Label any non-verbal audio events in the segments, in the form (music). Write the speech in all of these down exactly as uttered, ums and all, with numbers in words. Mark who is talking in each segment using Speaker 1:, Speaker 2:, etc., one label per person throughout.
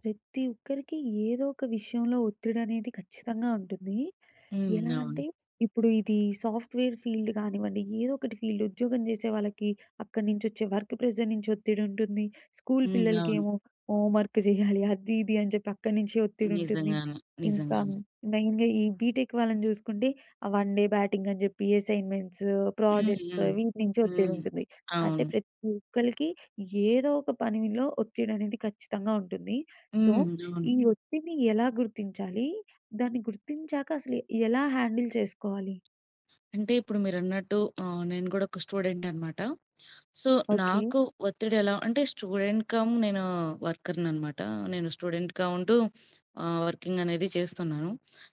Speaker 1: ప్రతి ఒక్కరికి ఏదో ఒక విషయంలో ఒత్తిడి అనేది ఖచ్చితంగా ఉంటుంది.
Speaker 2: హ్మ్.
Speaker 1: ఎలా
Speaker 2: అవును.
Speaker 1: అంటే ఇప్పుడు ఇది సాఫ్ట్‌వేర్ ఫీల్డ్ కానివ్వండి, ఏదో ఒకటి ఫీల్డ్ ఉద్యోగం చేసే వాళ్ళకి, అక్కడి నుంచొచ్చే వర్క్ ప్రెజర్ నుంచి ఒత్తిడి ఉంటుంది, స్కూలు
Speaker 2: హ్మ్. అవును.
Speaker 1: పిల్లలకేమో హోంవర్క్ చేయాలి. అది ఇది అని చెప్పి అక్కడి నుంచే ఒత్తిడుంటుంది,
Speaker 2: నిజంగానే.
Speaker 1: ఇంక
Speaker 2: నిజంగానే.
Speaker 1: మెయిన్‌గా ఈ బీటెక్ వాళ్ళని చూసుకుంటే ఆ వన్ డే బ్యాటింగ్ అని చెప్పి అసైన్‌మెంట్సు,
Speaker 2: హ్మ్.
Speaker 1: ప్రాజెక్ట్సు
Speaker 2: హ్మ్.
Speaker 1: వీటి నుంచి ఒత్తిడి
Speaker 2: హ్మ్.
Speaker 1: ఉంటుంది. అంటే
Speaker 2: అవును.
Speaker 1: ప్రతి ఒక్కలికి యేదో ఒక పనిలో ఒత్తిడి అనేది ఖచ్చితంగా ఉంటుంది. సో,
Speaker 2: హ్మ్. అవును.
Speaker 1: ఈ ఒత్తిడిని ఎలా గుర్తించాలి? దాన్ని గుర్తించాక అసలు ఎలా హ్యాండిల్ చేసుకోవాలి?
Speaker 2: అంటే ఇప్పుడు మీరన్నట్టు ఆహ్, నేను కూడా ఒక స్టూడెంట్ అన్నమాట. So,
Speaker 1: okay.
Speaker 2: నాకు ఒత్తిడి ఎలా అంటే స్టూడెంట్ కమ్ నేను వర్కర్‌ని అనమాట. నేను స్టూడెంట్‌గా ఉంటూ ఆహ్, వర్కింగ్ అనేది చేస్తున్నాను.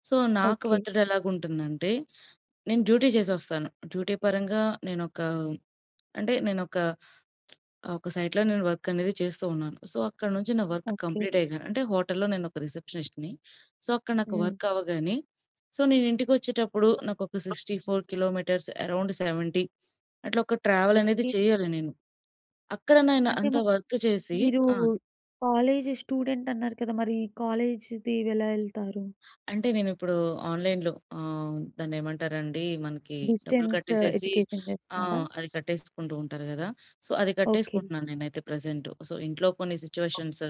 Speaker 2: సో, నాకు
Speaker 1: ఓకే.
Speaker 2: ఒత్తిడెలాగా ఉంటుంది అంటే నేను డ్యూటీ చేసొస్తాను. డ్యూటీ పరంగా నేనొక అంటే నేనొక (smacks lips) ఒక సైట్‌లో నేను వర్క్ అనేది చేస్తూ ఉన్నాను. సో, అక్కడ నుంచి నా వర్క్
Speaker 1: ఓకే.
Speaker 2: కంప్లీట్ అయ్యగా అంటే హోటల్‌లో నేను ఒక రిసెప్షనిస్ట్‌ని. సో, అక్కడ నాకు
Speaker 1: హ్మ్.
Speaker 2: వర్క్ అవ్వగానే సో, నేనింటికొచ్చేటప్పుడు నాకొక sixty four kilometres around seventy అట్లా ఒక ట్రావెల్ అనేది
Speaker 1: ఓకే.
Speaker 2: చేయ్యాలి నేను. అక్కడ నేను
Speaker 1: అంటే
Speaker 2: అంత
Speaker 1: మరి
Speaker 2: వర్క్ చేసి
Speaker 1: మీరు
Speaker 2: ఆ‌!
Speaker 1: కాలేజ్ స్టూడెంట్ అన్నారు కదా! మరి కాలేజ్‌‌ది ఎలా వెళ్తారు?
Speaker 2: అంటే నేను ఇప్పుడు ఆన్‌లైన్‌లో ఆహ్, దాన్నేమంటారండి మనకి డబ్బులు
Speaker 1: డిస్టెన్స్
Speaker 2: కట్టేసేసి
Speaker 1: ఎడ్యుకేషన్
Speaker 2: ఆ!
Speaker 1: చేస్తున్నారా?
Speaker 2: అది కట్టేసుకుంటూ ఉంటారు గదా! సో, అది
Speaker 1: ఓకే.
Speaker 2: కట్టేసుకుంటున్నాను నేనైతే ప్రెజెంటు. సో, ఇంట్లో కొన్ని సిట్యుయేషన్స్,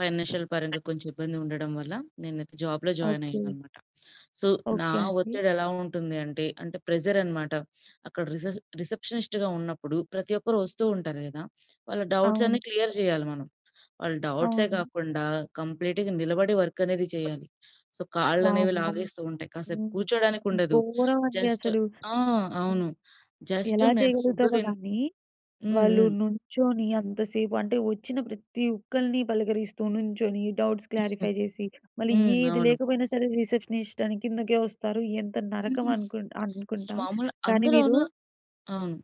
Speaker 2: ఫైనాన్షియల్ పరంగా కొంచెం ఇబ్బంది ఉండడం వల్ల నేనైతే జాబ్‌లో జాయిన్ అయ్యాను
Speaker 1: ఓకే.
Speaker 2: అన్నమాట. సో, నా
Speaker 1: ఓకే అండి.
Speaker 2: ఒత్తిడెలా ఉంటుంది అంటే, అంటే ప్రెజర్ అనమాట, అక్కడ రిసెస్ రిసెప్షనిస్ట్‌గా ఉన్నప్పుడు ప్రతి ఒక్కరు ఒస్తూ ఉంటారు గదా! వాళ్ళ డౌట్స్
Speaker 1: అవును.
Speaker 2: అన్నీ క్లియర్ చేయాలి మనం. వాళ్ళ డౌట్సే
Speaker 1: అవును.
Speaker 2: కాకుండా కంప్లీట్‌గా నిలబడి వర్క్ అనేది చేయాలి. సో, కాళ్ళనేవి
Speaker 1: వామ్మో!
Speaker 2: లాగేస్తూ ఉంటాయి. కాసేపు
Speaker 1: హ్మ్.
Speaker 2: కూర్చోడానికి ఉండదు.
Speaker 1: ఘోరం అండి
Speaker 2: జస్ట్
Speaker 1: అసలు.
Speaker 2: ఆ!
Speaker 1: హ్మ్.
Speaker 2: అవును. జస్ట్
Speaker 1: ఎలా
Speaker 2: నేను ఫుడ్డు
Speaker 1: చేయగలుగుతారో
Speaker 2: తిన్
Speaker 1: గానీ
Speaker 2: హ్మ్.
Speaker 1: వాళ్ళు
Speaker 2: హ్మ్.
Speaker 1: నుంచొని అంతసేపు అంటే వచ్చిన ప్రతి ఒక్కల్ని పలకరిస్తూ నించొని డౌట్స్ క్లారిఫై
Speaker 2: (giggles)
Speaker 1: చేసి మళ్ళీ
Speaker 2: హ్మ్.
Speaker 1: యేది
Speaker 2: అవును.
Speaker 1: లేకపోయినా సరే రిసెప్షనిస్ట్ అని కిందకే వస్తారు ఎంత నరకం
Speaker 2: హ్మ్.
Speaker 1: అనుకుం
Speaker 2: అసలు
Speaker 1: అనుకుంటా.
Speaker 2: మామూలు
Speaker 1: కానీ మీరు
Speaker 2: అందులోనూ అవును.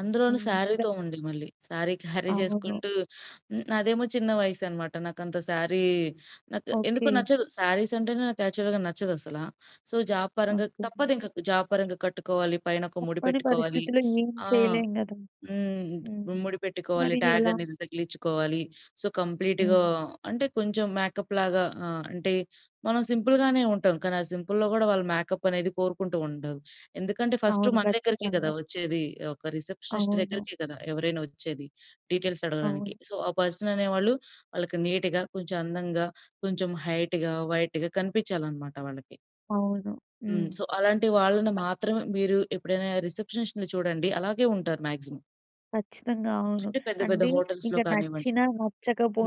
Speaker 2: అందులోనూ
Speaker 1: హ్మ్. ఇంక
Speaker 2: సారీతో ఉండే మళ్ళీ. సారీ క్యారీ
Speaker 1: అవును.
Speaker 2: చేసుకుంటూ నాదేమో చిన్న వయసు అనమాట. నాకు అంత సారీ నాకు ఎందుకో
Speaker 1: ఓకే.
Speaker 2: నచ్చదు. సారీస్ అంటేనే నాకు యాక్చువల్‌గా నచ్చదసల. సో, జాబ్ పరంగా
Speaker 1: ఓకే.
Speaker 2: తప్పదింకా జాబ్ పరంగా కట్టుకోవాలి. పైన ఒక ముడి
Speaker 1: తప్పని
Speaker 2: పెట్టుకోవాలి.
Speaker 1: పరిస్థితులో ఏం
Speaker 2: ఆ!
Speaker 1: చేయలేం కదా!
Speaker 2: హ్మ్.
Speaker 1: హ్మ్.
Speaker 2: ముడి పెట్టుకోవాలి,
Speaker 1: మరి
Speaker 2: ట్యాగ్
Speaker 1: ఎలా?
Speaker 2: అనేది తగిలించుకోవాలి, సో, కంప్లీట్‌గా
Speaker 1: హ్మ్.
Speaker 2: అంటే కొంచెం మేకప్‌లాగా ఆహ్, అంటే మనం సింపుల్‌గానే ఉంటాం. కానీ ఆ సింపుల్‌లో కూడా వాళ్ళు మేకప్ అనేది కోరుకుంటూ ఉంటారు. ఎందుకంటే ఫస్ట్
Speaker 1: అవును.
Speaker 2: మన దగ్గరికే కదా
Speaker 1: ఖచ్చితంగా.
Speaker 2: వచ్చేది! ఒక రిసెప్షనిస్ట్
Speaker 1: అవును.
Speaker 2: దగ్గరికే కదా! ఎవరైనా వచ్చేది డీటెయిల్స్ అడగడానికి.
Speaker 1: అవును.
Speaker 2: సో, ఆ పర్సన్ అనేవాళ్ళు వాళ్ళకి నీట్‌గా, కొంచెం అందంగా, కొంచెం హైట్‌‌గా, వైట్‌‌గా కనిపించాలనమాట వాళ్ళకి.
Speaker 1: అవును. హ్మ్.
Speaker 2: హ్మ్. సో, అలాంటి వాళ్ళని
Speaker 1: (unintelligible)
Speaker 2: మాత్రమే మీరు ఎప్పుడైనా రిసెప్షనిస్ట్‌ని చూడండి. అలాగే ఉంటారు మాక్సిమమ్.
Speaker 1: కచ్చితంగా అవును.
Speaker 2: అంటే పెద్ద పెద్ద
Speaker 1: అంటే, ఇక
Speaker 2: హోటల్స్‌‌లో కానివ్వండి.
Speaker 1: నచ్చినా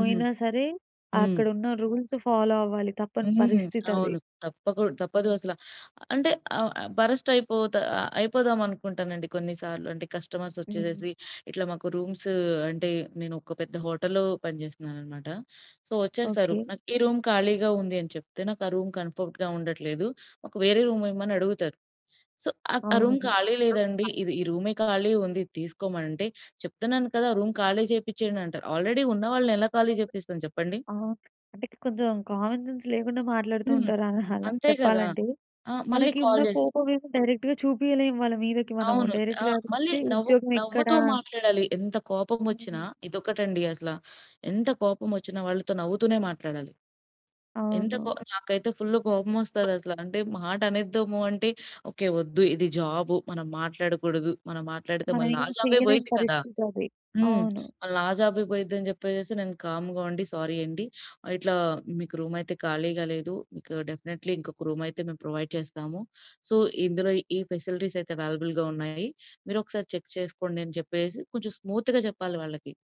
Speaker 2: హ్మ్.
Speaker 1: సరే,
Speaker 2: హ్మ్.
Speaker 1: అక్కడున్న రూల్సు ఫాలో అవ్వాలి తప్పని
Speaker 2: హ్మ్.
Speaker 1: పరిస్థితది.
Speaker 2: అవును. తప్పకు తప్పదు
Speaker 1: హ్మ్.
Speaker 2: అసలా. అంటే ఆహ్, ఆహ్, బరస్ట్ అయిపోతా ఆహ్, అయిపోదామనుకుంటానండి కొన్నిసార్లు. అంటే కస్టమర్స్
Speaker 1: హ్మ్.
Speaker 2: వచ్చేసేసి ఇట్లా మాకు రూమ్సు అంటే నేనొక పెద్ద హోటల్‌లో పనిచేస్తున్నానఅన్నమాట. సో, వచ్చేస్తారు.
Speaker 1: ఓకే.
Speaker 2: నాకు, "ఈ రూమ్ ఖాళీగా ఉంది" అని చెప్తే, నాకు ఆ రూమ్ కంఫర్ట్‌గా ఉండట్లేదు. మాకు వేరే రూమ్ ఇవ్వమని అడుగుతారు. సో, ఆహ్, ఆ
Speaker 1: అవును.
Speaker 2: రూమ్ ఖాళీ లేదండి. ఇది
Speaker 1: (unintelligible)
Speaker 2: ఈ రూమే ఖాళీ ఉంది. తీసుకోమంటే, "చెప్తున్నాను కదా! రూమ్ ఖాళీ చేపిచ్చేయండి" అంటారు. ఆల్రెడీ ఉన్న వాళ్ళని ఎలా ఖాళీ చేపిస్తాను చెప్పండి?
Speaker 1: అవును. అంటే కొంచెం కామన్‌సెన్స్ లేకుండా మాట్లాడుతూ
Speaker 2: హ్మ్.
Speaker 1: ఉంటారు (chuckles) ఆ! అలా
Speaker 2: అంతే కదా!
Speaker 1: చెప్పాలంటే.
Speaker 2: ఆహ్, మళ్ళి
Speaker 1: మనకి ఉన్న
Speaker 2: కాల్ చేసి
Speaker 1: కోపం ఏమో డైరెక్ట్‌గా చూపియలేము వాళ్ళ మీదకి మనము,
Speaker 2: అవును. ఆ!
Speaker 1: డైరెక్ట్‌గా
Speaker 2: మళ్ళి
Speaker 1: అరిస్తే
Speaker 2: నవ్వు
Speaker 1: ఉద్యోగం ఎక్కడ
Speaker 2: నవ్వుతూ మాట్లాడాలి. ఎంత కోపం వచ్చినా
Speaker 1: హ్మ్.
Speaker 2: ఇదొకటండసలా. ఎంత కోపం వచ్చిన వాళ్ళతో నవ్వుతూనే మాట్లాడాలి. ఎంత కో
Speaker 1: అవును.
Speaker 2: నాకైతే ఫుల్లు కోపమొస్తదసల. అంటే మాటనేద్దాము అంటే, ఓకే, వద్దు ఇది జాబు. మనం మాట్లాడకూడదు. మనం మాట్లాడితే
Speaker 1: మనం
Speaker 2: మళ్ళీ నా
Speaker 1: ఏమి
Speaker 2: జాబే
Speaker 1: చేయలేని
Speaker 2: పోయిద్ది కదా!
Speaker 1: పరిస్థితది.
Speaker 2: హ్మ్.
Speaker 1: అవును.
Speaker 2: మళ్లీ నా జాబే పోయిద్ది అని చెప్పేసేసి నేను కామ్‌గా ఉండి, సారీ అండి. ఇట్లా మీకు రూమ్ అయితే ఖాళీగా లేదు. మీకు డెఫినిట్‌‌లీ ఇంకొక రూమ్ అయితే మేము ప్రొవైడ్ చేస్తాము. సో, ఇందులో ఈ ఫెసిలిటీస్ అయితే అవైలబుల్‌గా ఉన్నాయి. మీరొకసారి చెక్ చేసుకోండి, అని చెప్పేసి కొంచెం స్మూత్‌గా చెప్పాలి వాళ్ళకి.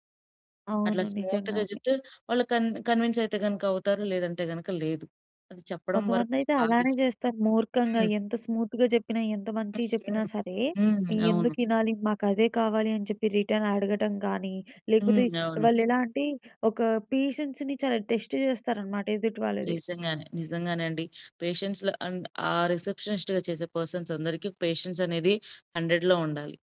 Speaker 2: అట్లా
Speaker 1: అవును.
Speaker 2: స్మూత్‌గా
Speaker 1: నిజంగానే.
Speaker 2: చెప్తే వాళ్ళు కన్ కన్విన్స్ అయితే గనుక అవుతారు. లేదంటే గనుక లేదు. అది చెప్పడం వరకు
Speaker 1: కొంతమందైతే అలానే
Speaker 2: భాధ్యత.
Speaker 1: చేస్తారు. మూర్ఖంగా
Speaker 2: హ్మ్.
Speaker 1: ఎంత స్మూత్‌గా చెప్పినా, ఎంత మంచిగా చెప్పినా
Speaker 2: (unintelligible)
Speaker 1: సరే,
Speaker 2: హ్మ్. అవును.
Speaker 1: "ఎందుకు ఇనాలి? మాకదే కావాలి" అని చెప్పి రిటర్న్ అడగటం గాని, లేకపోతే
Speaker 2: హ్మ్. అవును.
Speaker 1: వాళ్లెలా అంటే ఒక పేషెన్స్‌ని చాలా టెస్ట్ చేస్తారన్నమాట ఎదుటి వాళ్ళది.
Speaker 2: నిజంగానే. నిజంగానే అండి. పేషెన్స్ ల అండ్ ఆ రిసెప్షనిస్ట్‌గా చేసే పర్సన్స్ అందరికి పేషెన్స్ అనేది హండ్రెడ్‌లో ఉండాలి.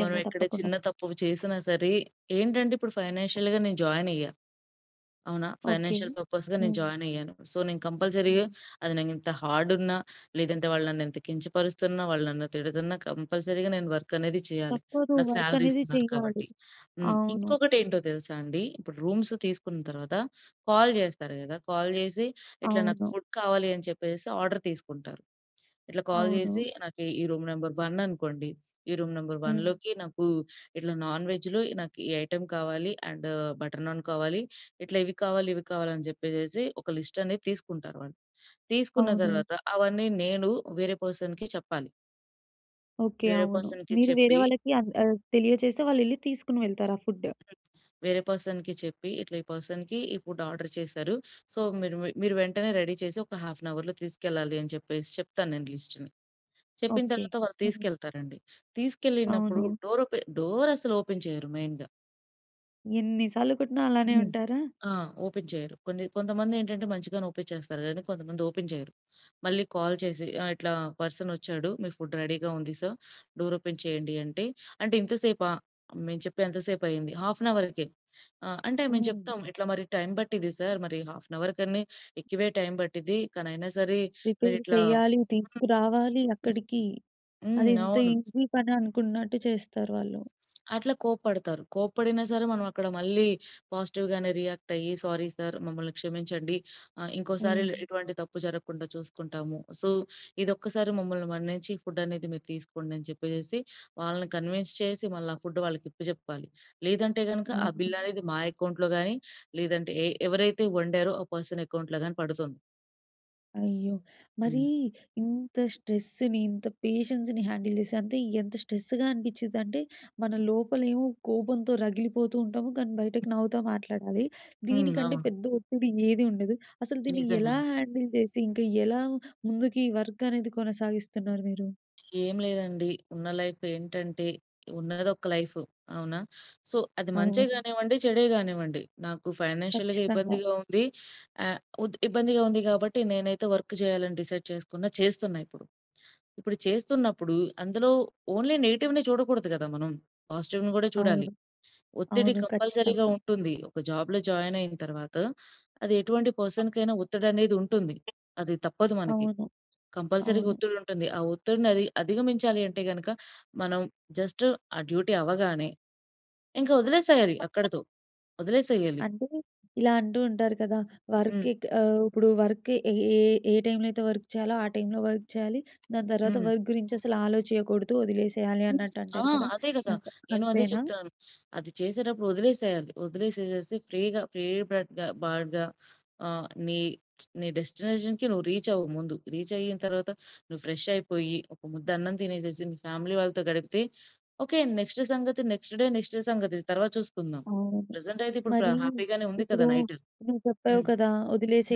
Speaker 2: మనం ఎక్కడ
Speaker 1: తప్పకుండా.
Speaker 2: చిన్న తప్పు చేసినా సరే ఏంటంటే ఇప్పుడు ఫైనాన్షియల్‌గా నేను జాయిన్ అయ్యా. అవునా?
Speaker 1: ఓకే.
Speaker 2: ఫైనాన్షియల్ పర్పస్‌గా నేను
Speaker 1: హ్మ్.
Speaker 2: జాయిన్ అయ్యాను. సో, నేను కంపల్సరీగా
Speaker 1: హ్మ్.
Speaker 2: అది నాకు ఇంత హార్డున్నా లేదంటే వాళ్ళు నన్ను ఇంత కించపరుస్తున్నా, వాళ్ళు నన్ను తిడుతున్నా కంపల్సరీగా నేను వర్క్ అనేది చేయాలి.
Speaker 1: తప్పదు.
Speaker 2: నాకు
Speaker 1: వర్క్
Speaker 2: సాలరీ
Speaker 1: అనేది
Speaker 2: ఇస్తున్నారు
Speaker 1: చెయ్యాలి.
Speaker 2: కాబట్టి. హ్మ్‌.
Speaker 1: అవును.
Speaker 2: ఇంకొకటేంటో తెలుసా అండి. ఇప్పుడు రూమ్సు తీసుకున్న తర్వాత కాల్ చేస్తారు కదా! కాల్ జేసి ఇట్లా, "నాకు
Speaker 1: అవును.
Speaker 2: ఫుడ్ కావాలి" అని చెప్పేసేసి ఆర్డర్ తీసుకుంటారు. ఇట్లా కాల్ జేసి
Speaker 1: అవును.
Speaker 2: నాకు ఈ రూమ్ నంబర్ వన్ అనుకోండి, "ఈ రూమ్ నంబర్
Speaker 1: హ్మ్.
Speaker 2: వన్‌లోకి నాకు ఇట్లా నాన్ వెజ్‌లో నాకు ఈ ఐటెమ్ కావాలి. అండ్ బటర్ నాన్ కావాలి". ఇట్లా ఇవి కావాలి, ఇవి కావాలి అని జెప్పేసేసి ఒక లిస్ట్ అనేది తీసుకుంటారు వాళ్ళు. తీసుకున్న
Speaker 1: అవును.
Speaker 2: తర్వాత అవన్నీ నేను వేరే పర్సన్‌కి చెప్పాలి.
Speaker 1: ఓకే.
Speaker 2: వేరే
Speaker 1: అవును.
Speaker 2: పర్సన్‌కి
Speaker 1: మీరు వేరే
Speaker 2: చెప్పి
Speaker 1: వాళ్ళకి అన్ ఆహ్, తెలియజేస్తే వాళ్ళెల్లి తీసుకొని వెళ్తారు ఆ ఫుడ్డు.
Speaker 2: హ్మ్. వేరే పర్సన్‌కి చెప్పి ఇట్లా, ఈ పర్సన్‌కి ఈ ఫుడ్ ఆర్డర్ చేసారు. సో, మీరు మీ మీరు వెంటనే రెడీ చేసి ఒక హాఫ్ ఎన్ అవర్‌లో తీసుకెళ్ళాలి, అని చెప్పేసి చెప్తాను నేను లిస్ట్‌ని. చెప్పిన
Speaker 1: ఓకే.
Speaker 2: తరువాత వాళ్ళు
Speaker 1: హ్మ్.
Speaker 2: తీసుకెళ్తారండి. తీసుకెళ్ళినప్పుడు
Speaker 1: అవును.
Speaker 2: డోర్ ఓపె డోరసలు ఓపెన్ చేయరు మెయిన్‌గా.
Speaker 1: ఎన్ని సార్లు కొట్టినా అలానే
Speaker 2: హ్మ్.
Speaker 1: ఉంటారా?
Speaker 2: ఆ! ఓపెన్ చేయరు. కొన్ని కొంతమంది ఏంటంటే మంచిగానే ఓపెన్ చేస్తారు. కానీ కొంతమంది ఓపెన్ చేయరు. మళ్ళీ కాల్ చేసి ఆహ్, ఇట్లా పర్సన్ ఒచ్చాడు. మీ ఫుడ్ రెడీగా ఉంది సర్, డోర్ ఓపెన్ చేయండి అంటే, అంటే ఇంత సేపా? మేం చెప్పి ఎంత సేపయింది? Half an అవర్‌కె. ఆహ్, అంటే మేము
Speaker 1: హ్మ్.
Speaker 2: చెప్తాం. ఇట్లా మరి టైం పట్టిద్ది సర్. మరి హాఫ్ అన్ అవర్ కని ఎక్కువే టైమ్ పట్టిద్ది. కానీ అయినా సరే
Speaker 1: ప్రిపేర్
Speaker 2: మీరిట్లా
Speaker 1: చేయాలి, తీసుకురావాలి అక్కడికి. అది
Speaker 2: హ్మ్.
Speaker 1: ఇంత
Speaker 2: అవును.
Speaker 1: ఈసీ పని అనుకున్నట్టు చేస్తారు వాళ్ళు.
Speaker 2: అట్లా కోప్పడతారు. కోప్పడిన సరే. మనమక్కడ మళ్ళీ పాజిటివ్‌గానే రియాక్ట్ అయ్యి సారీ సార్ మమ్మల్ని క్షమించండి. ఆహ్, ఇంకోసారి ఇల్
Speaker 1: హ్మ్.
Speaker 2: ఇటువంటి తప్పు జరగకుండా చూసుకుంటాము. సో, ఇదొక్కసారి మమ్మల్ని మన్నించి ఫుడ్ అనేది మీరు తీసుకోండి అని చెప్పేసేసి. వాళ్ళని కన్విన్స్ చేసి, మళ్ళ ఆ ఫుడ్ వాళ్ళకి ఇప్పచెప్పాలి. లేదంటే గనుగ ఆ బిల్
Speaker 1: అవును.
Speaker 2: అనేది మా అకౌంట్లో గానీ, లేదంటే ఎ ఎవరైతే వండారో ఆ పర్సన్ అకౌంట్లో గానీ పడుతుంది.
Speaker 1: అయ్యో! మరి
Speaker 2: హ్మ్.
Speaker 1: ఇంత స్ట్రెస్‌ని ఇంత పేషెన్స్‌ని హ్యాండిల్ చేసి అంటే ఎంత స్ట్రెస్‌గ అనిపించిందంటే మన లోపల ఏమో కోపంతో రగిలిపోతూ ఉంటాము. కానీ బయటకి నవ్వుతా మాట్లాడాలి.
Speaker 2: హ్మ్.
Speaker 1: దీనికంటే
Speaker 2: అవును.
Speaker 1: పెద్ద ఒత్తిడి ఏది ఉండదు. అసలు దీన్ని ఎలా
Speaker 2: నిజంగానే.
Speaker 1: హ్యాండిల్ చేసి ఇంకా ఎలా ముందుకి వర్కనేది కొనసాగిస్తున్నారు మీరు?
Speaker 2: ఏం లేదండి. ఉన్న లైఫ్ ఏంటంటే ఉన్నది ఒక్క లైఫ్. అవునా? సో, అది మంచే
Speaker 1: అవును.
Speaker 2: గానివ్వండి, చెడే గానివ్వండి. నాకు ఫైనాన్షియల్‌గా
Speaker 1: కచ్చితంగా.
Speaker 2: ఇబ్బందిగా ఉంది. ఆహ్, ఉత్ ఇబ్బందిగా ఉంది కాబట్టి నేనైతే వర్క్ చేయాలి అని డిసైడ్ చేసుకున్న, చేస్తున్న ఇప్పుడు. ఇప్పుడు చేస్తున్నప్పుడు అందులో ఓన్లీ నెగెటివ్‌ని చూడకూడదు గదా! మనం. పాజిటివ్‌ని గూడా చూడాలి.
Speaker 1: అవును.
Speaker 2: ఒత్తిడి
Speaker 1: అవును.
Speaker 2: కంపల్సరీగా
Speaker 1: ఖచ్చితంగా.
Speaker 2: ఉంటుంది. ఒక జాబ్‌లో జాయిన్ అయిన తరువాత అది ఎటువంటి పర్సన్‌కీ అయిన ఒత్తిడనేది ఉంటుంది. అది తప్పదు మనకి.
Speaker 1: అవును.
Speaker 2: కంపల్సరీగా
Speaker 1: అవును.
Speaker 2: ఒత్తిడి ఉంటుంది. ఆ ఒత్తిడిని అదిగ అధిగమించాలంటే గనుక మనం జస్ట్ ఆ డ్యూటీ అవ్వగానే ఇంక ఒదిలేసేయాలి అక్కడితో, ఒదిలేసేయాలి.
Speaker 1: అంటే ఇలా అంటూ ఉంటారు కదా! వర్క్
Speaker 2: హ్మ్.
Speaker 1: ఎక్ అహ్, ఇప్పుడు వర్క్ ఏ ఏ ఏ టైమ్‌లో అయితే వర్క్ చేయాలో ఆ టైమ్‌లో వర్క్ చేయాలి. దాని తర్వాత
Speaker 2: హ్మ్.
Speaker 1: వర్క్ గురించి అసలు ఆలోచెయకూడదు, ఒదిలేసేయాలి
Speaker 2: హ్మ్,
Speaker 1: అన్నట్టు
Speaker 2: ఆ!
Speaker 1: అంటారు కదా!
Speaker 2: అదే గదా!
Speaker 1: అంత
Speaker 2: నేను అదే
Speaker 1: అంతేనా?
Speaker 2: చెప్తున్నాను. అది చేసేటప్పుడు ఒదిలేసేయాలి. ఒదిలేసేసి ఫ్రీగా, ఫ్రీ బడ్‌గ బర్డ్‌గ ఆహ్, ని, (smacks lips) నీ డెస్టినేషన్‌కి నువ్వు రీచ్ అవ్వు ముందు. రీచ్ అయిన తరువాత నువ్వు ఫ్రెష్ అయిపోయి ఒక ముద్ద అన్నం తినేసేసి మీ ఫ్యామిలీ వాళ్ళతో గడిపితే ఒకే నెక్స్ట్ సంగతి నెక్స్ట్ డే, నెక్స్ట్ సంగతి తరువాత చూసుకుందాం.
Speaker 1: అవును.
Speaker 2: ప్రెజెంట్ అయితే ఇప్పుడు ప్ర
Speaker 1: మరి
Speaker 2: హ్యాపీ గానే ఉంది
Speaker 1: ఇప్పుడు
Speaker 2: గదా! నైటు.
Speaker 1: నువ్వు చెప్పావు
Speaker 2: హ్మ్.
Speaker 1: కదా!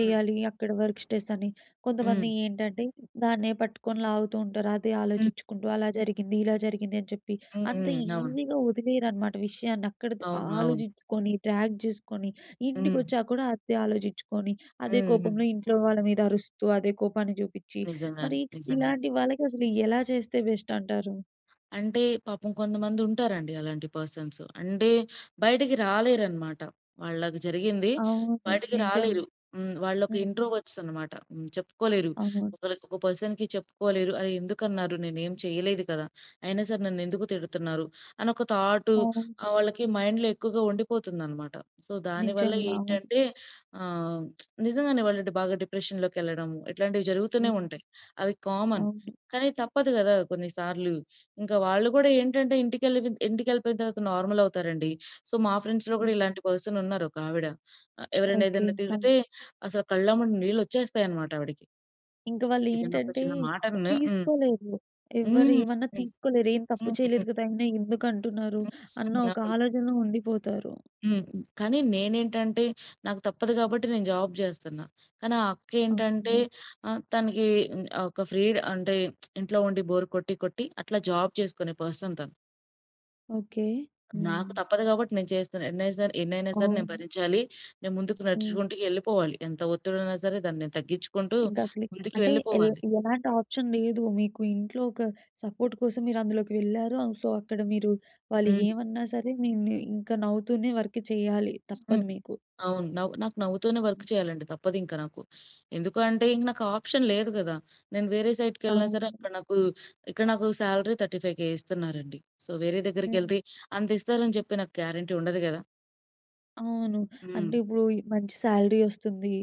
Speaker 2: హ్మ్.
Speaker 1: అక్కడ వర్క్ స్ట్రెస్ అని కొంతమంది
Speaker 2: హ్మ్.
Speaker 1: ఏంటంటే దాన్నే పట్టుకొని లాగుతూ ఉంటారు. అదే
Speaker 2: హ్మ్.
Speaker 1: ఆలోచిచుకుంటూ అలా జరిగింది. ఇలా జరిగింది. అని చెప్పి.
Speaker 2: హ్మ్.
Speaker 1: అంత
Speaker 2: హ్మ్. అవును.
Speaker 1: ఈజీగా వదిలేయరు అనమాట విషయాన్ని అక్కడతో
Speaker 2: అవును. అవును.
Speaker 1: ఆలోచించుకొని. డ్రాగ్ చేసుకొని. ఇంటికి
Speaker 2: హ్మ్.
Speaker 1: వచ్చాక కూడా అదే ఆలోచించుకొని. అదే
Speaker 2: హుహు.
Speaker 1: కోపంలో ఇంట్లో వాళ్ళ మీద అరుస్తూ, అదే కోపాన్ని చూపిచ్చి,
Speaker 2: నిజంగానే.
Speaker 1: మరి
Speaker 2: నిజంగానే.
Speaker 1: ఇలాంటి వాళ్ళకి అసలు ఎలా చేస్తే బెస్ట్ అంటారు?
Speaker 2: అంటే పాపం కొంతమందుంటారండి అలాంటి పర్సన్స్. అంటే బయటకి రాలేరనమాట. వాళ్ళకి జరిగింది
Speaker 1: అవును.
Speaker 2: బయటకి రాలేరు.
Speaker 1: నిజంగా.
Speaker 2: హ్మ్. వాళ్ళొక
Speaker 1: హ్మ్.
Speaker 2: ఇంట్రోవర్ట్స్ అన్నమాట. హ్మ్. చెప్పుకోలేరు.
Speaker 1: అవును.
Speaker 2: ఒకళ్ళకి ఒక పర్సన్‌కి చెప్పుకోలేరు. ఆహ్, ఎందుకన్నారు? నేనేమి చేయలేదు కదా! అయినా సరే, నన్నెందుకు తిడతున్నారు? అనొక థాటు, ఆహ్,
Speaker 1: అవునండి.
Speaker 2: వాళ్ళకి మైండ్‌లో ఎక్కువగా ఉండిపోతుందనమాట. సో, దాని వల్ల
Speaker 1: నిజంగా. అవును.
Speaker 2: ఏంటంటే ఆహ్, (smacks lips) నిజంగానే వాళ్ళు బాగా డిప్రెషన్‌లోకి ఎళ్ళడము ఇట్లాంటివి జరుగుతూనే
Speaker 1: హ్మ్.
Speaker 2: ఉంటాయి. అవి కామన్.
Speaker 1: అవును.
Speaker 2: కానీ, తప్పదు కదా కొన్ని సార్లు. ఇంకా వాళ్ళు కూడా ఏంటంటే ఇంటికెళ్ళిపొన్ ఇంటికెళ్ళిపోయిన తర్వాత నార్మల్ అవుతారండి. సో, మా ఫ్రెండ్స్‌లో
Speaker 1: హ్మ్.
Speaker 2: కూడా ఇలాంటి పర్సన్ ఉన్నారు ఒక ఆవిడ. అ ఎవరైనా
Speaker 1: ఓకే.
Speaker 2: ఏదైనా
Speaker 1: ఆ!
Speaker 2: తిడితే అసలు కళ్ళమ్మట నీళ్లొచ్చేస్తాయన్నమాట ఆవిడకి.
Speaker 1: ఇంక
Speaker 2: ఏదైనా ఒక
Speaker 1: వాళ్లేంటంటే
Speaker 2: చిన్న మాటన్నా హ్మ్.
Speaker 1: తీసుకోలేరు. ఎవ్వరు
Speaker 2: హ్మ్.
Speaker 1: ఏమన్నా తీసుకోలేరు. "ఏం తప్పు
Speaker 2: హ్మ్. హుహు.
Speaker 1: చేయలేదు కదా! అయినా ఎందుకంటున్నారు!" అన్న ఒక
Speaker 2: (unintelligible)
Speaker 1: ఆలోచనలో ఉండిపోతారు.
Speaker 2: హ్మ్. కానీ, నేనేంటంటే నాకు తప్పదు గాబట్టి నేను జాబ్ చేస్తున్న. కానీ, ఆ అక్క ఏంటంటే
Speaker 1: అవును.
Speaker 2: ఆహ్, తనకి హ్మ్, ఆహ్, ఒక ఫ్రీ అంటే (smacks lips) ఇంట్లో ఉండి బోర్ కొట్టి కొట్టి అట్లా జాబ్ చేసుకునే పర్సన్ తను.
Speaker 1: ఓకే.
Speaker 2: నాకు
Speaker 1: హ్మ్.
Speaker 2: తప్పదు కాబట్టి నేను చేస్తున్న. ఎన్నైసర్ ఎన్నైనా సరే నేను
Speaker 1: అవును.
Speaker 2: భరించాలి. నేను ముందుకు
Speaker 1: హ్మ్.
Speaker 2: నడుచుకుంటూ ఎళ్ళిపోవాలి. ఎంత ఒత్తిడున్నా సరే, దాన్ని తగ్గించుకుంటూ
Speaker 1: ఇంకా అసలు
Speaker 2: ముందుకు
Speaker 1: అంటే ఎల్
Speaker 2: వెళ్ళిపోవాలి.
Speaker 1: ఎలాంటి ఆప్షన్ లేదు. మీకు ఇంట్లో ఒక సపోర్ట్ కోసం మీరందులోకి వెళ్లారు. సో, అక్కడ మీరు వాళ్ళు
Speaker 2: హ్మ్.
Speaker 1: ఏమన్నా సరే నిన్ను ఇంకా నవ్వుతూనే వర్క్ చేయాలి
Speaker 2: హ్మ్.
Speaker 1: తప్పదు మీకు.
Speaker 2: అవును. నవ్ నాకు నవ్వుతూనే వర్క్ చేయాలండి. తప్పదింకా నాకు. ఎందుకు అంటే ఇంక నాకు ఆప్షన్ లేదు కదా! నేను వేరే సైట్‌కి వెళ్ళినా సరే
Speaker 1: అవును.
Speaker 2: అక్కడ నాకు ఇక్కడ నాకు సాలరీ థర్టీ ఫైవ్ కే ఇస్తున్నారండి. సో, వేరే దగ్గరికెళ్తే
Speaker 1: హ్మ్.
Speaker 2: అంత ఇస్తారని చెప్పి నాకు గ్యారంటీ ఉండదు కదా!
Speaker 1: అవును. అంటే
Speaker 2: హ్మ్.
Speaker 1: ఇప్పుడు ఇ మంచి సాలరీ వస్తుంది.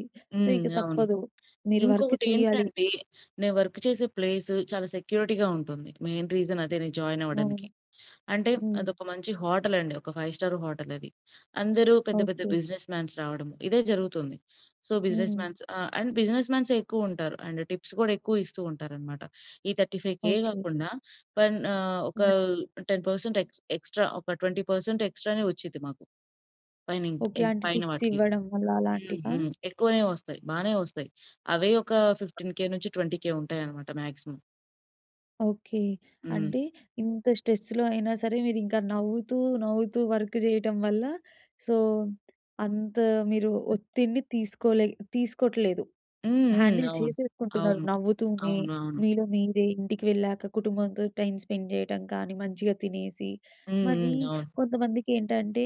Speaker 1: సో,
Speaker 2: హ్మ్.
Speaker 1: ఇక
Speaker 2: అవును.
Speaker 1: తప్పదు. మీరు వర్క్ చేయ్యాలి.
Speaker 2: ఇంకొకటేంటంటే నేను వర్క్ చేసే ప్లేసు చాలా సెక్యూరిటీగా ఉంటుంది. మెయిన్ రీజన్ అదే నేను జాయిన్ అవ్వడానికి.
Speaker 1: అవును.
Speaker 2: అంటే
Speaker 1: హ్మ్.
Speaker 2: అదొక మంచి హోటల్ అండి. ఒక ఫైవ్ స్టార్ హోటల్ అది. అందరూ పెద్ద పెద్ద
Speaker 1: ఓకే.
Speaker 2: బిజినెస్ మాన్స్ రావడం ఇదే జరుగుతుంది. సో, బిజినెస్
Speaker 1: హ్మ్.
Speaker 2: మాన్స్. ఆ! అండ్ బిజినెస్ మాన్సే ఎక్కువ ఉంటారు. అండ్ టిప్స్ కూడా ఎక్కువ ఇస్తూ ఉంటారు అన్నమాట. ఈ థర్టీ ఫైవ్ కే
Speaker 1: ఓకే.
Speaker 2: కాకుండా పైన ఆహ్, ఒక
Speaker 1: హ్మ్.
Speaker 2: టెన్ పర్సెంట్ ఎక్స్ ఎక్స్ట్రా ఒక ట్వెంటీ పర్సెంట్ ఎక్స్ట్రానే వచ్చిద్ది మాకు. పైనిం
Speaker 1: ఓకే.
Speaker 2: ఇంక్
Speaker 1: అంటే
Speaker 2: పైన
Speaker 1: టిప్స్
Speaker 2: వాటికి.
Speaker 1: ఇవ్వడం అలా
Speaker 2: హ్మ్.
Speaker 1: అలాంటివా?
Speaker 2: హ్మ్. ఎక్కువనే వస్తాయి. బానే వస్తాయి. అవే ఒక ఫిఫ్టీన్ కే నుంచి ట్వెంటీ కే ఉంటాయి అన్నమాట మాక్సిమం.
Speaker 1: ఓకే.
Speaker 2: హ్మ్.
Speaker 1: అంటే ఇంత స్ట్రెస్‌లో అయినా సరే, మీరింకా నవ్వుతూ, నవ్వుతూ వర్క్ చేయటం వల్ల సో, అంత మీరు ఒత్తిడిని తీసుకో‌లే తీసుకోట్లేదు.
Speaker 2: హుహు.
Speaker 1: హ్యాండిల్
Speaker 2: అవును.
Speaker 1: చేసేసుకుంటున్నారు
Speaker 2: అవును.
Speaker 1: నవ్వుతూనే.
Speaker 2: అవునవును.
Speaker 1: మీలో మీరే, ఇంటికి వెళ్ళాక కుటుంబంతో టైం స్పెండ్ జేయటం కానీ మంచిగా తినేసి.
Speaker 2: హుహు.
Speaker 1: మరీ
Speaker 2: అవును.
Speaker 1: కొంతమందికేంటంటే,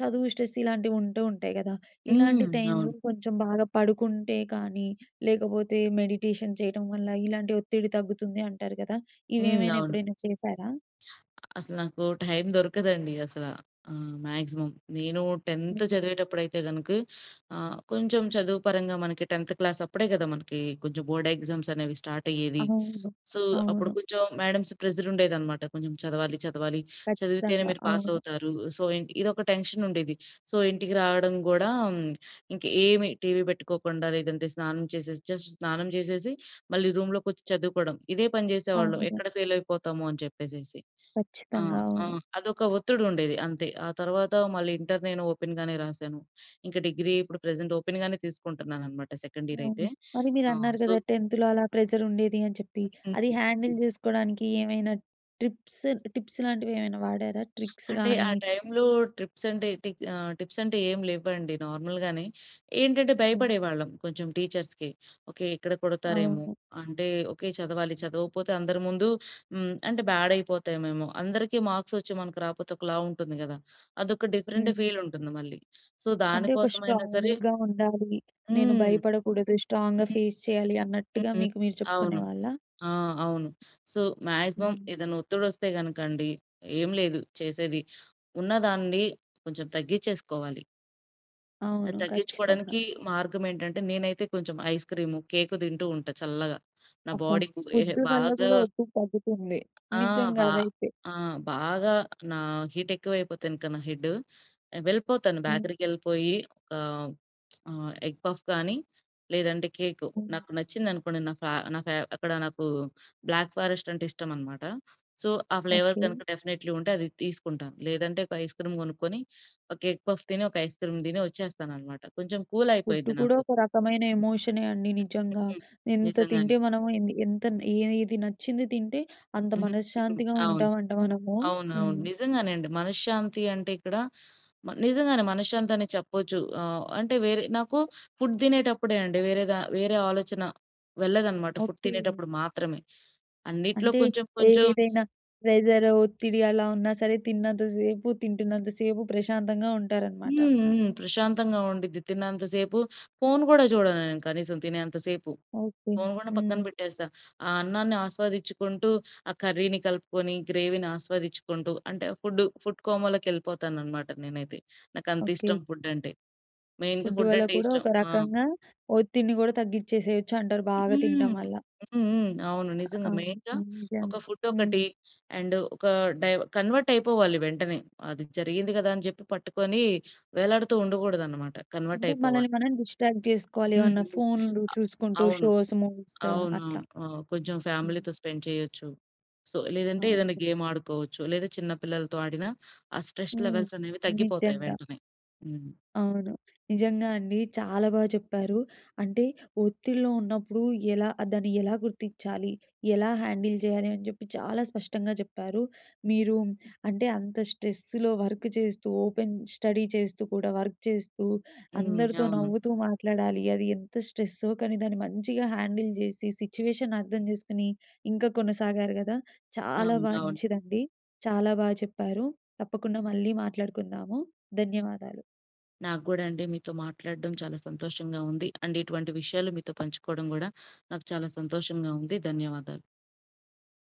Speaker 1: చదువు స్ట్రెస్ ఇలాంటివుంటూ ఉంటాయి గదా! ఇలాంటి
Speaker 2: హ్మ్.
Speaker 1: టైంలో
Speaker 2: అవును.
Speaker 1: కొంచెం బాగా పడుకుంటే కానీ, లేకపోతే మెడిటేషన్ చేయడం వల్ల ఇలాంటి ఒత్తిడి తగ్గుతుంది అంటారు గదా!
Speaker 2: హ్మ్.
Speaker 1: ఇవేమైనా
Speaker 2: అవును.
Speaker 1: ఎప్పుడైనా చేశారా?
Speaker 2: అసలు నాకు టైం దొరకదండి అసల. ఆహ్, మ్యాక్సిమమ్. నేను టెంత్
Speaker 1: హ్మ్.
Speaker 2: చదివేటప్పుడు అయితే గనుక ఆహ్, కొంచెం చదువు పరంగా మనకి టెంత్ క్లాస్ అప్పుడే కదా! మనకి కొంచెం బోర్డ్ ఎగ్జామ్స్ అనేవి స్టార్టయ్యేది.
Speaker 1: అవును.
Speaker 2: సో, అప్పుడు
Speaker 1: అవును.
Speaker 2: కొంచెం మేడమ్‌స్ ప్రెషర్ ఉండేది అన్నమాట. కొంచెం చదవాలి, చదవాలి చదివితేనే
Speaker 1: ఖచ్చితంగా.
Speaker 2: మీరు
Speaker 1: అవును.
Speaker 2: పాసవుతారు. సో, ఇన్ ఇదొక టెన్షన్ ఉండేది. సో, ఇంటికి రావడం కూడా, ఇంక ఏమి టీవీ బెట్టుకోకుండా లేదంటే స్నానం చేసేసి జస్ట్ స్నానం చేసేసి మళ్ళీ రూమ్‌లోకొచ్చి చదువుకోవడం. ఇదే పని జేసేవాళ్ళం.
Speaker 1: అవును.
Speaker 2: ఎక్కడ ఫెయిల్ అయిపోతా‌మో అని చెప్పేసేసి.
Speaker 1: ఖచ్చితంగా.
Speaker 2: ఆహ్, ఆ!
Speaker 1: అవును.
Speaker 2: అదొక ఒత్తిడుండేది అంతే. ఆ తరువాత మళ్ళి ఇంటర్ నేను ఓపెన్ గానే రాసాను. ఇంకా డిగ్రీ ఇప్పుడు ప్రెజెంట్ ఓపెన్ గానే తీసుకుంటున్నానన్నమాట సెకండ్ ఇయర్
Speaker 1: అవును.
Speaker 2: అయితే.
Speaker 1: మరీ
Speaker 2: ఆ!
Speaker 1: మీరన్నారు
Speaker 2: సో
Speaker 1: గదా! టెంత్‌లో అలా ప్రెషరుండేది అని చెప్పి.
Speaker 2: హ్మ్.
Speaker 1: అది హ్యాండిల్
Speaker 2: హ్మ్.
Speaker 1: చేసుకోడానికి ఏమైనా ట్రిప్స్ టిప్స్ లాంటివి ఏమైనా వాడారా? ట్రిక్స్
Speaker 2: అంటే,
Speaker 1: గాని?
Speaker 2: ఆ టైంలో ట్రిప్స్ అంటే టిక్స్ ఆహ్, టిప్స్ అంటే ఏం లేవండి. నార్మల్‌గానే ఏంటంటే
Speaker 1: హ్మ్.
Speaker 2: భయపడేవాళ్ళం కొంచెం టీచర్స్‌కి. ఓకే, ఇక్కడ కొడతారేమో
Speaker 1: అవును.
Speaker 2: అంటే ఓకే, చదవాలి చదవపోతే అందరి ముందు హ్మ్, అంటే బ్యాడ్ అయిపోతామేమో. అందరికి మార్క్స్ వచ్చి మనకు రాకపోతే ఒకలా ఉంటుంది గదా! అదొక డిఫరెంట్
Speaker 1: హ్మ్.
Speaker 2: ఫీలుంటుంది మళ్ళీ. సో,
Speaker 1: అంటే, ఒక
Speaker 2: దానికోసమైనా సరే
Speaker 1: స్ట్రాంగ్‌గా ఉండాలి. నేను
Speaker 2: హ్మ్.
Speaker 1: భయపడకూడదు,
Speaker 2: హ్మ్.
Speaker 1: స్ట్రాంగ్‌గా ఫేస్ చేయాలి
Speaker 2: హ్మ్.
Speaker 1: అన్నట్టుగా
Speaker 2: హ్మ్.
Speaker 1: మీకు మీరు
Speaker 2: అవును.
Speaker 1: చెప్పుకునేవాళ్ళా?
Speaker 2: ఆ! అవును. సో, మ్యాక్సిమమ్
Speaker 1: హ్మ్.
Speaker 2: ఏదైనా ఒత్తిడి వస్తే గనుక అండి, ఏం లేదు చేసేది ఉన్నదాన్ని కొంచెం తగ్గించేసుకోవాలి. అది
Speaker 1: అవును. ఖచ్చితంగా.
Speaker 2: తగ్గించుకోవడానికీ మార్గమేంటంటే, నేనైతే కొంచెం ఐస్‌క్రీము, కేకు తింటూ ఉంటా చల్లగా. నా
Speaker 1: అబ్బా!
Speaker 2: బాడీ‌కు ఏ హె
Speaker 1: ఫుడ్డు వల్ల
Speaker 2: బాగా
Speaker 1: గూడా ఒత్తిడి తగ్గుతుంది.
Speaker 2: ఆ!
Speaker 1: నిజ్జంగా
Speaker 2: బా
Speaker 1: అదైతే.
Speaker 2: ఆ! బాగా నా హీటెక్కువయిపోతే ఇంక నా హెడ్డ్, వెళ్ళిపోతాను.
Speaker 1: హుహు.
Speaker 2: బేకరీకెళ్ళిపోయి, ఆహ్, (smacks lips) ఆహ్ ఎగ్ పఫ్ గానీ, లేదంటే కేకు, నాకు
Speaker 1: హ్మ్.
Speaker 2: నచ్చిందనుకోండి, నాకు ఆహ్, నాకు ఆహ్, అక్కడ నాకూ బ్లాక్ ఫారెస్టంటే ఇష్టమనమాట. సో, ఆ ఫ్లేవర్
Speaker 1: ఓకే.
Speaker 2: కనక డెఫినెట్లీ ఉంటే అది తీసుకుంటాను. లేదంటే, ఒక ఐస్‌క్రీమ్ గొనుక్కొని, ఒక ఎగ్ పఫ్ తిని, ఒక ఐస్‌క్రీమ్ దిని ఒచ్చేస్తాననమాట. కొంచం
Speaker 1: ఫుడ్డు
Speaker 2: కూలయిపోయిద్ది
Speaker 1: కూడా
Speaker 2: నాకు.
Speaker 1: ఒక రకమైన ఎమోషనే అండి.
Speaker 2: హ్మ్. హ్మ్.
Speaker 1: నిజ్జంగా.
Speaker 2: హ్మ్.
Speaker 1: ఎంత
Speaker 2: నిజంగానే.
Speaker 1: తింటే మనము ఎన్ ఎంత న్ ఏ ఏది నచ్చింది తింటే, అంత
Speaker 2: హ్మ్. హ్మ్.
Speaker 1: మనశ్శాంతిగా
Speaker 2: అవును.
Speaker 1: ఉంటావంట మనము.
Speaker 2: అవును. అవును.
Speaker 1: హ్మ్.
Speaker 2: నిజంగానే అండి. మనశ్శాంతి అంటే, ఇక్కడ మ నిజంగానే మనశ్శాంతనె చెప్పచ్చు. ఆహ్, అంటే వేరే నాకు ఫుడ్ తినేటప్పుడే అండి వేరేగా వేరే ఆలోచన వెళ్ళదనమాట, ఫుడ్
Speaker 1: ఓకే.
Speaker 2: తినేటప్పుడు మాత్రమే. అన్నిటిలో
Speaker 1: అంటే,
Speaker 2: కొంచెం, కొంచెం
Speaker 1: ఏదేదైనా ప్రెజరు, ఒత్తిడి అలా ఉన్నా సరే, తిన్నంత సేపు, తింటున్నంత సేపు ప్రశాంతంగా ఉంటారనమాట.
Speaker 2: హ్మ్, హ్మ్. ప్రశాంతంగా ఉండిద్ది. తిన్నంత సేపు ఫోన్ గూడా జూడను నేను కనీసం తినేంత సేపు.
Speaker 1: ఓకే.
Speaker 2: ఫోన్ గూడా పక్కన
Speaker 1: హ్మ్.
Speaker 2: పెట్టేస్తా. ఆ అన్నాన్ని ఆస్వాదిచ్చుకుంటూ, ఆ కర్రీని కలుపుకొని, గ్రేవీని ఆస్వాదిచ్చుకుంటూ అంటే, ఫుడ్డు ఫుడ్ కోమాలోకెళ్ళిపోతాననమాట నేనైతే. నాకంతిష్టం
Speaker 1: ఓకే.
Speaker 2: ఫుడ్డంటే. మెయిన్‌గా
Speaker 1: ఫుడ్డు వల్ల
Speaker 2: ఫుడ్డంటే
Speaker 1: కూడా
Speaker 2: ఇష్టం.
Speaker 1: ఒక
Speaker 2: ఆ!
Speaker 1: రకంగా ఒత్తిడిని గూడా తగ్గిచ్చేసేయచ్చు అంటారు, బాగా తినటం
Speaker 2: హ్మ్.
Speaker 1: వల్ల.
Speaker 2: హ్మ్. హ్మ్. అవును. నిజంగా.
Speaker 1: అవును.
Speaker 2: మెయిన్‌గా
Speaker 1: నిజంగా.
Speaker 2: ఒక
Speaker 1: హ్మ్.
Speaker 2: ఫుడ్డొకటి అండ్, ఒకా డైవ కన్వర్టయిపోవాలి వెంటనే. అది జరిగింది గదా అని జెప్పి పట్టుకొనీ వేలాడుతూ ఉండగూడదనమాట.
Speaker 1: అంటే,
Speaker 2: కన్వర్టయిపోవాలి.
Speaker 1: మనలిని మనం డిస్ట్రాక్ట్ జేసుకోవాలి.
Speaker 2: హ్మ్.
Speaker 1: ఏవన్నా
Speaker 2: హ్మ్. ఆ!
Speaker 1: ఫోన్‌లు చూసుకుంటూ,
Speaker 2: అవును.
Speaker 1: షోస్, మూవీస్
Speaker 2: అవును. అవును.
Speaker 1: అట్లా.
Speaker 2: ఆ! కొంచుం
Speaker 1: హ్మ్.
Speaker 2: ఫ్యామిలీతో స్పెండ్ చెయ్యచ్చు. సో లేదంటే, ఏదన్నా
Speaker 1: అవును.
Speaker 2: గేమాడుకోవచ్చు, లేదా చిన్న పిల్లలతో ఆడినా, ఆ స్ట్రెస్
Speaker 1: హ్మ్.
Speaker 2: లెవెల్సనేవి తగ్గిపోతాయి
Speaker 1: నిజ్జంగా.
Speaker 2: వెంటనే. హ్మ్.
Speaker 1: అవును. నిజంగా అండి. చాలా బాగా చెప్పారు. అంటే, ఒత్తిడిలో ఉన్నప్పుడు ఎలా దాన్ని ఎలా గుర్తిచ్చాలి, ఎలా హ్యాండిల్ జెయ్యాలి అని జెప్పి చాలా స్పష్టంగా చెప్పారు. మీరు అంటే, అంత స్ట్రెస్సులో వర్కు చేస్తూ, ఓపెన్ స్టడీ చేస్తూ కూడా, వర్క్ చేస్తూ,
Speaker 2: హ్మ్.
Speaker 1: అందరితో
Speaker 2: అవును.
Speaker 1: నవ్వుతూ మాట్లాడాలి. అది ఎంత స్ట్రెస్సో, కానీ దాన్ని మంచిగా హ్యాండిల్ జేసి, సిచ్యువేషన్ అర్థం చేసుకొని, ఇంకా కొనసాగారు గదా! చాలా
Speaker 2: అవును. అవును.
Speaker 1: మంచిదండి. చాలా బా చెప్పారు. తప్పకుండా మళ్ళీ మాట్లాడుకుందాము. ధన్యవాదాలు.
Speaker 2: నాకు గూడా అండి, మీతో మాట్లాడడం చాలా సంతోషంగా ఉంది. అండ్ ఇటువంటి విషయాలు మీతో పంచుకోవడం గూడా, నాకు చాలా సంతోషంగా ఉంది. ధన్యవాదాలు.